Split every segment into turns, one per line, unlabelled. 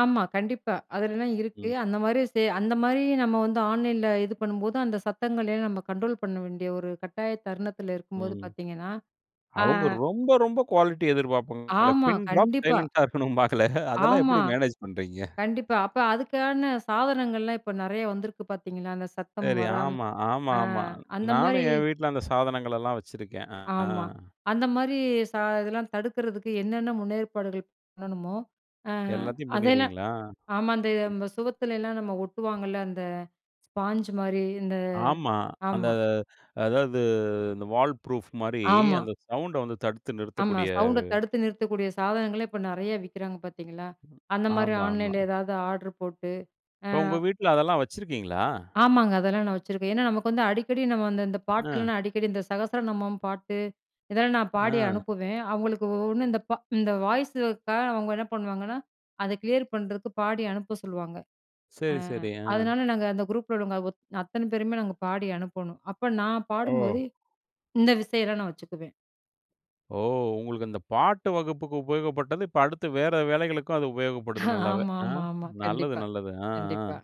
ஆமா, கண்டிப்பா. அதுலலாம் இருக்கு.
ம்.
அந்த மாரி செ அந்த மாரி நம்ம வந்து ஆன்லைன்ல இது பண்ணும்போது அந்த சத்தங்களையும் நம்ம கண்ட்ரோல் பண்ண வேண்டிய ஒரு கட்டாய தருணத்தில இருக்கும்போது
ம்.
பார்த்திங்கன்னா, அ.
அவங்க ரொம்ப ரொம்ப குவாலிட்டி எதிர்ப்பார்ப்பாங்களே.
ஆமா,
பின் டிராப்
கண்டிப்பா.
சைலன்ட்டா இருக்கணும்னுபாங்களே. அதெல்லாம்
ஆமா,
எப்படி மேனேஜ் பண்றீங்க?
கண்டிப்பா. அப்ப அதுக்கான சாதனங்கள்லாம் இப்ப நெறைய வந்திருக்கு பார்த்தீங்களா, அந்த சத்தம்
சரி.
வராம
ஆமா,
ஆ,
ஆமாமா.
அந்த மாரி
நானும் என் வீட்ல அந்த சாதனங்களெல்லாம் வச்சிருக்கேன். ஆ.
ஆமா, அந்த மாரி ச இதெல்லாம் தடுக்கிறதுக்கு என்னென்ன முன்னேற்பாடுகள் பண்ணணுமோ, ஆ
எல்லாத்தையும்
அதெல்லாம்
பண்ணிருவீங்களா?
ஆமா,
ம்.
அந்த சுவத்துலலா நம்ம ஒட்டுவாங்கல்ல அந்த ஸ்பான்ஜ் மாரி இந்த
ஆமா, அந்த
ஆமா.
அதாவது அந்த வால் ப்ரூஃப் மாரி
ஆமா.
அந்த சவுண்ட வந்து தடுத்து
ஆமா
நிறுத்தக்கூடிய.
சவுண்ட தடுத்து நிறுத்தக்கூடிய சாதனங்களே இப்ப நெறையா விக்கிறாங்க பார்த்தீங்களா, அந்த மாரி
ஆமாமா.
ஆன்லைன்ல ஏதாவது ஆர்ட்ர் போட்டு. ஆ
இப்போ உங்க வீட்ல அதெல்லாம் வச்சிருக்கீங்களா?
ஆமாங்க. அதெல்லாம் நான் வச்சுருக்கேன். ஏனா, நமக்கு வந்து அடிக்கடி நம்ம வந்து, இந்த
ஆ.
பாட்டெல்லாம் அடிக்கடி இந்த சகஸ்ர நமம் பாட்டு, இதெல்லாம் நான் பாடி
ஆ.
அனுப்புவேன். அவங்களுக்கு ஒவ்ஒண்ணு இந்த, இந்த வாய்ஸுக்காக அவங்க என்ன பண்ணுவாங்கன்னா, அத கிளியர் பண்றதுக்கு பாடி அனுப்ப சொல்லுவாங்க. ஆ,
சரி, சரி. ஆ.
அதனால நாங்க அந்த குரூப்பில உள்ளவங்க ஒ அத்தன பேருமே நாங்க பாடி அனுப்பனும். அப்ப நான் பாடும்போது
ஓ!
இந்த விஷயம்லாம் நான் வச்சுக்குவேன்.
ஓ! உங்களுக்கு இந்த பாட்டு வகுப்புக்கு உபயோகப்பட்டது. இப்ப அடுத்து வேற வேலைகளுக்கும் அது உபயோகப்படுது நல்லாவே. ஆ,
ஆமாமாமா,
நல்லது,
கண்டிப்பா,
நல்லது. ஆ ஆ,
கண்டிப்பா.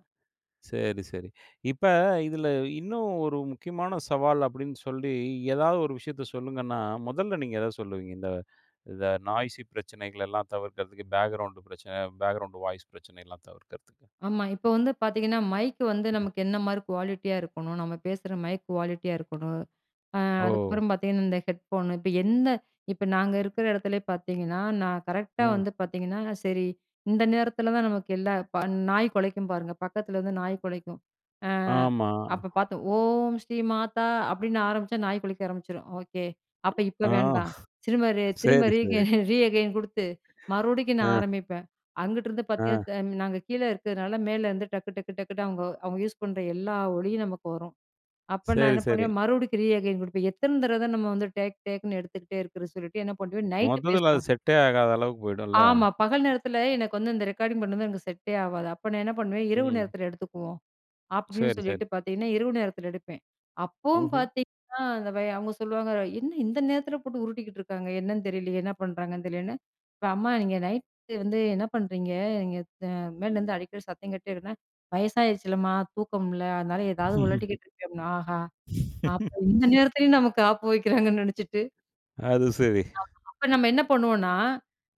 சரி, சரி. இப்ப இதில இன்னும் ஒரு முக்கியமான சவால் அப்படின்னு சொல்லி ஏதாவது ஒரு விஷயத்த சொல்லுங்கன்னா, முதல்ல நீங்க எத சொல்லுவீங்க? இந்த, இந்த நாய்சி பிரச்சனைகளெல்லாம் தவிர்க்கிறதுக்கு. பேக்கிரவுண்ட் பிரச்சன, பேக்கிரவுண்ட் வாய்ஸ் பிரச்சனையெல்லாம் தவிர்க்கிறதுக்கு.
ஆமா, இப்ப வந்து பார்த்திங்கன்னா, மைக் வந்து
ம்.
நமக்கு என்ன மாரி குவாலிட்டியா இருக்கணும். நம்ம பேசுற மைக் குவாலிட்டியா இருக்கணும். ஆ,
ஓ!
அதுக்கப்புறம் பார்த்திங்கன்னா, இந்த ஹெட்ஃபோனு இப்ப என்ன இப்ப நாங்க இருக்கிற இடத்துலயே பார்த்திங்கன்னா, நான் கரெக்ட்டா
ம்.
வந்து பார்த்திங்கன்னா, சரி இந்த நேரத்தில தான் நமக்கு எல்லா நாய் கொலைக்கும் பாருங்க பக்கத்தில வந்து நாய் கொலைக்கும். ஆ,
ஆமா.
அப்ப பார்த்தோம் "ஓம் ஸ்ரீ மாதா" அப்படின்னு ஆரம்பிச்சா நாய் கொலைக்க ஆரம்பிச்சுரும். "ஓகே அப்ப இப்ப
ஆ.
வேண்டா" திரும்ப, திரும்ப
சரி,
ரீக
சரி.
ரீகெயின் குடுத்து மறுபடிக்கும்
ஆ.
நான் ஆரம்பிப்பேன். அங்கிட்டுதுருந்து
ஆ.
பார்த்தீங்கன்னா, நாங்க கீழ இருக்கிறதுனால மேலருந்து டக்கு, டக்கு, டக்குன்னு அவங்க, அவங்க யூஸ் பண்ற எல்லா ஒலியும் நமக்கு வரும். அப்ப நான்
சரி,
என்ன
சரி.
பண்ணுவேன் மறுபடிக்கும் ரீஅகெயின் குடுப்பேன். எத்தன தடவ தான் நம்ம வந்து, டேக் டேக்ன்னு எடுத்துகிட்டே இருக்கிறதுனு சொல்லிட்டு என்ன பண்ணுவேன். நைட்
மொத்தத்தில அது
பேசுவோம்.
செட்டே ஆகாத அளவுக்கு போயிடும்ல.
ஆமா, பகல் நேரத்தில எனக்கு வந்து இந்த ரெக்கார்டிங் பண்றது எனக்கு செட்டே ஆகாது. அப்ப நான் என்ன பண்ணுவேன். "இரவு
ம்.
நேரத்தில எடுத்துக்குவோம்." அப்படின்னு
சரி,
சொல்லிட்டு
சரி.
பார்த்தீங்கன்னா, இரவு நேரத்தில எடுப்பேன். அப்போவும்
ம்ஹும்.
பார்த்தீங்கன்னா, அந்த அவங்க சொல்லுவாங்க "என்ன இந்த நேரத்தில போட்டு உருட்டிக்கிட்டுருக்காங்க? என்னன்னு தெரியலையே, என்ன பண்ணுறாங்கன்னு தெரியலேன்னு" இப்ப "அம்மா நீங்க நைட் வந்து என்ன பண்றீங்க? நீங்க மேலேருந்து அடிக்கடி சத்தம் கேட்டுடேஇருக்குனா." "வயசாயிடுச்சுல்லம்மா தூக்கம் இல்ல. அதனால ஏதாவது உழட்டிக்கிட்டு இருக்கேன்." அப்படினா ஆஹா! அப்ப இந்த நேரத்திலேயும் நமக்கு ஆப்பு வெக்கிறாங்கன்னு நெனச்சிட்டு
அது சரி.
ஆமா. அப்ப நம்ம என்ன பண்ணுவோம்னா,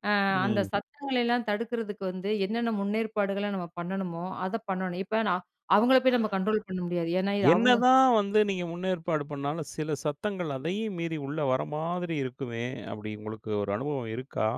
ஆ, அந்த
ம்.
சத்தங்களையெல்லாம் தடுக்கிறதுக்கு வந்து என்னென்ன முன்னேற்பாடுகள நம்ம பண்ணணுமோ அத பண்ணணும். இப்ப நான் அவங்கள போய் நம்ம கண்ட்ரோல் பண்ண முடியாது. ஏனா இது
என்ன
அவுங்க
தான் வந்து, நீங்க முன்னேற்பாடு பண்ணாலும் சில சத்தங்கள் அதையும் மீறி உள்ள வர மாதிரி இருக்குமே, அப்படி உங்களுக்கு ஒரு அனுபவம் இருக்கா?